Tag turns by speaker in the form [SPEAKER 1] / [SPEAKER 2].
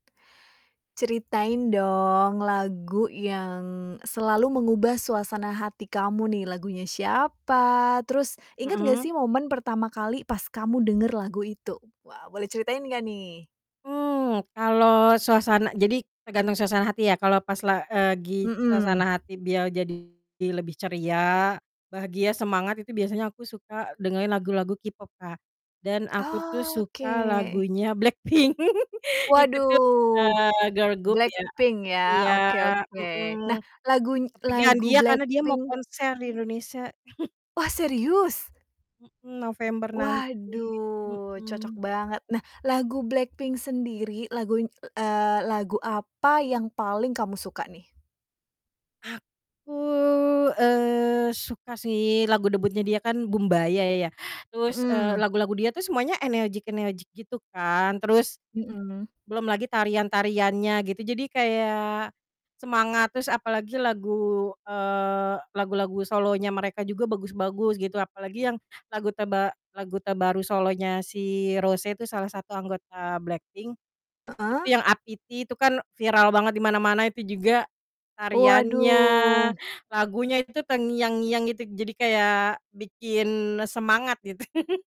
[SPEAKER 1] Ceritain, dong, lagu yang selalu mengubah suasana hati kamu nih. Lagunya siapa terus inget nggak
[SPEAKER 2] Hmm.
[SPEAKER 1] sih momen pertama kali pas kamu denger lagu itu? Wah boleh ceritain nggak nih?
[SPEAKER 2] Mmm, kalau suasana jadi tergantung suasana hati ya kalau pas la eee, gi
[SPEAKER 1] Hmm.
[SPEAKER 2] suasana hati biar jadi lebih ceria, bahagia, semangat itu biasanya aku suka dengerin lagu-lagu K-pop, Kak. Dan aku tuh
[SPEAKER 1] Oke.
[SPEAKER 2] suka lagunya Blackpink itu tuh,
[SPEAKER 1] Waduh,
[SPEAKER 2] eee, girl group ya.
[SPEAKER 1] Blackpink, ya,
[SPEAKER 2] Iya,
[SPEAKER 1] oke oke. Nah,
[SPEAKER 2] mhm.
[SPEAKER 1] laguny
[SPEAKER 2] Kepikiran
[SPEAKER 1] lagu
[SPEAKER 2] dia, karena dia mau
[SPEAKER 1] Blackpink
[SPEAKER 2] konser di Indonesia.
[SPEAKER 1] Wah, serius?
[SPEAKER 2] Mmm, November nanti,
[SPEAKER 1] Waduh, cocok
[SPEAKER 2] mhm.
[SPEAKER 1] banget. Nah, lagu Blackpink sendiri, laguny eee, lagu apa yang paling kamu suka, nih?
[SPEAKER 2] Aku, eee, suka sih lagu debutnya dia kan, "Boombayah" ya. Terus, eee,
[SPEAKER 1] Hmm.
[SPEAKER 2] lagu-lagu dia tuh semuanya energik-energik gitu kan. Terus,
[SPEAKER 1] Hmm.
[SPEAKER 2] belum lagi tarian-tariannya gitu. Jadi kayak semangat terus. Apalagi lagu, eee, lagu-lagu solonya mereka juga bagus-bagus gitu apalagi yang lagu terba lagu terbaru solonya si Rose itu salah satu anggota Blackpink itu yang,
[SPEAKER 1] Heeh.
[SPEAKER 2] "APT" itu kan viral banget di mana-mana. Itu juga tariannya,
[SPEAKER 1] Waduh.
[SPEAKER 2] lagunya itu terngiang-ngiang itu. Jadi kayak bikin e semangat gitu.